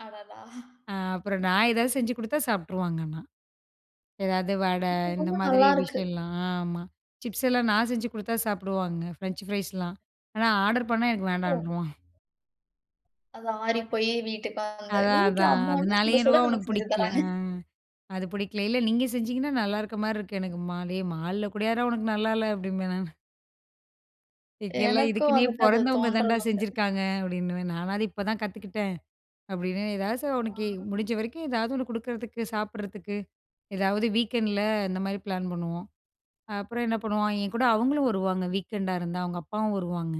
அடடா! ஆ அப்புறம் நான் ஏதாவது செஞ்சு குடுத்தா சாப்பிட்டுருவாங்க ஆனா. ஏதாவது வடை இப்போ இந்த ரொம்ப மாதிரி நல்லா இருக்கு. விஷயம்லாம் ஆமா. சிப்ஸ் எல்லாம் நான் செஞ்சு குடுத்தா சாப்பிடுவாங்க ஃப்ரெஞ்ச் ஃப்ரைஸ்லாம். ஆனா, ஆர்டர் பண்ணா எனக்கு ஓ! வேண்டாம்வான். அது ஆறிப்போய் வீட்டுக்கு வந்து, அதா அதா வீட்ல அம்மால்லாம் அதனாலேயே சுட, சுட எனவோ அவனுக்கு நமக்கு செஞ்சு புடிக்கல. தராங்க. ஆ. அது புடிக்கல. இல்ல நீங்க செஞ்சிங்கன்னா நல்லா இருக்க மாரி இருக்கு எனக்கு ம்மா. ஏ, மால்ல கூடயாட உனக்கு நல்லா இல்ல அப்டிம்பேன் நானு. இங்கெல்லாம் எனக்கும் இதுக்குன்னே வந்துட்டு அது பொறந்தவங்க தாண்டா தோன்றது உண்டு. செஞ்சிருக்காங்க அப்டின்னுவேன். நானாது இப்பதான் கத்துக்கிட்டேன் அப்டின்னு. ஏதாவது ச அவனுக்கு ஆ. முடிஞ்ச வரைக்கும் ஏதாவது ஒண்ணு குடுக்குறதுக்கு சாப்பிடறதுக்கு ஏதாவது வீக்கெண்டுல இந்த மாரி பிளான் பண்ணுவோம். ஆ அப்புறம் என்ன பண்ணுவாங்க, என் கூட அவங்களும் வருவாங்க. வீக்கெண்டா இருந்தா அவங்க அப்பாவும் வருவாங்க.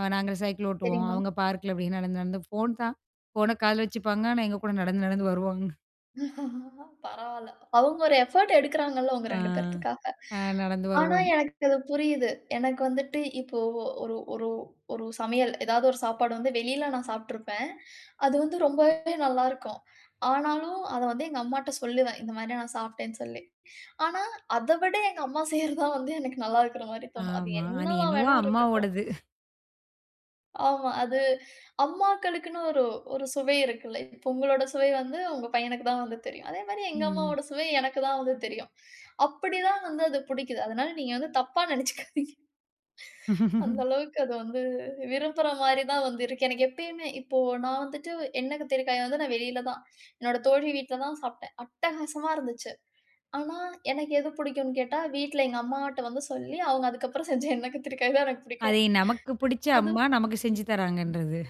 ஆ நாங்க சைக்கிள் ஓட்டுவோம், சரிங்க. அவங்க பார்க்குல அப்டின்னு நடந்து, நடந்து ஃபோன் தான். ஃபோன காதுல வச்சுப்பாங்க ஆனா எங்க கூட நடந்து, நடந்து வருவாங்க. பரவால்ல. அவங்க ஒரு எஃபோர்ட் எடுக்குறாங்கள்ல, உங்க ஆ. 2 பேத்துக்காக. அ நடந்து ஆனா, வருவாங் எனக்கு அது புரியுது. எனக்கு வந்துட்டு இப்போ ஒரு ஒரு ஒரு சமையல் ஏதாவது ஒரு சாப்பாடு வந்து வெளில நான் சாப்பிட்டுருப்பேன். அது வந்து ரொம்பவே நல்லா இருக்கும். ஆனாலும் அத வந்து எங்க அம்மாட்ட சொல்லுவேன். இந்த மாரி நான் சாப்பிட்டேன்னு சொல்லி. ஆனா, அத விட எங்க அம்மா செய்றது தான் வந்து எனக்கு நல்லா இருக்குற மாரி தோணும். அது ஆமா. அது என்னவா என்னவோ வேணா இருக்கட்டும். அம்மாவோடது. ஆமா. அது அம்மாக்களுக்குனு ஒரு, ஒரு சுவை இருக்குல. இப்போ உங்களோட சுவை வந்து, உங்க பையனுக்கு தான் வந்து தெரியும். அதே மாரி எங்க ம். அம்மாவோட சுவை எனக்கு தான் வந்து தெரியும். அப்புடி தான் வந்து அது புடிக்குது. அதனால நீங்க வந்து தப்பா நெனைச்சுக்காதீங்க. அந்த அளவுக்கு அது வந்து விரும்புற மாரி தான் வந்து இருக்கு. எனக்கு எப்பயுமே இப்போ நான் வந்துட்டு எண்ணெய் கத்திரிக்காயை வந்து நான் வெளில தான், என்னோட தோழி வீட்ல தான் சாப்பிட்டேன், அட்டகாசமா இருந்துச்சு. ஆனா, எனக்கு எது புடிக்கும்னு கேட்டா, வீட்ல எங்க அம்மாட்ட வந்து சொல்லி அவங்க அதுக்கப்புறம் செஞ்ச எண்ணெய் கத்திரிக்காய் தான் எனக்கு புடிக்கும். அதே நமக்கு புடிச்ச அது. அம்மா நமக்கு செஞ்சு தராங்கன்றது.